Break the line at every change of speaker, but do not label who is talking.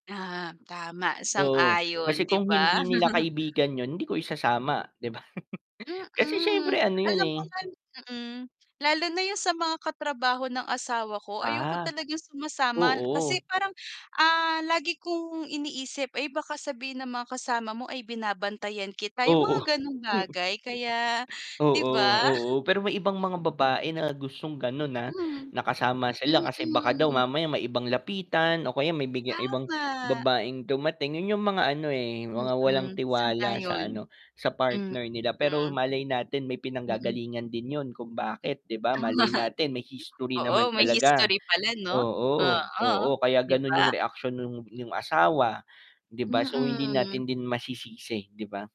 Ah, tama.
Oo,
Sang-ayon,
kasi
'di
kung
ba?
hindi nila kaibigan yun, hindi ko isasama, 'di ba? Kasi
Mm.
siyempre ano 'yun,
Alam
eh.
mo nan mm. Lalo na yung sa mga katrabaho ng asawa ko, ayoko
Ah.
talagang sumasama, kasi
Oo.
parang, ah, lagi kong iniisip, "Ay, baka sabihin ng mga kasama mo ay binabantayan kita." Yung
Oo.
mga gano'ng bagay. Kaya 'di
Oo,
ba?
oo. Pero may ibang mga babae na gustong gano'n, ah,
Mhm.
na kasama sila kasi baka daw
Mm.
mamaya may ibang lapitan o kaya may biglang ibang
Tama.
babaeng dumating. 'Yun 'yung mga ano, eh, mga walang
Mm,
tiwala sa
sang-ayon.
ano, sa
Hmm,
partner nila. Pero
mm.
malay natin may
Mm.
pinanggagalingan din 'yon, kung bakit, 'di ba?
Tama.
Malay natin may history
Oo,
naman
may
talaga.
history pala 'no.
Oo,
Oo,
oo, kaya
'di
gano'n
ba?
'yung reaksyon nung yung asawa, 'di ba? So hindi
Mm.
natin din masisisi, 'di ba?